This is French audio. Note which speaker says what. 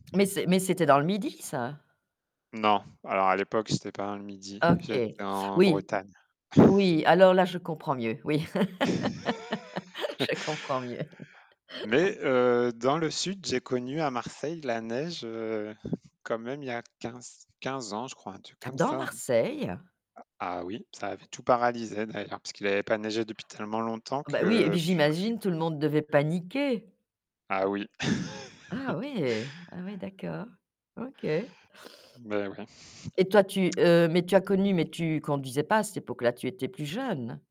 Speaker 1: Mais c'est mais c'était dans le Midi ça?
Speaker 2: Non. Alors à l'époque, j'étais pas dans le Midi, j'étais
Speaker 1: OK.
Speaker 2: en
Speaker 1: Oui, m
Speaker 2: Bretagne.
Speaker 1: oui, alors là je comprends mieux, oui. Je comprends mieux.
Speaker 2: Mais heu, dans le sud, j'ai connu à Marseille la neige, heu, quand même il y a quinz quinze ans, je crois, un truc
Speaker 1: Ah
Speaker 2: comme
Speaker 1: dans
Speaker 2: ça.
Speaker 1: Marseille?
Speaker 2: A ah oui, ça avait tout paralysé d'ailleurs, puisqu'il avait pas neigé depuis tellement longtemps
Speaker 1: Bah oui et puis
Speaker 2: que
Speaker 1: j'imagine tout le monde devait paniquer?
Speaker 2: Ah oui.
Speaker 1: Ah ouais! Ah ouais, d'accord, OK.
Speaker 2: Beh, ouais.
Speaker 1: Et toi tu heu, mais tu as connu, mais tu conduisais pas à cette époque-là, tu étais plus jeune?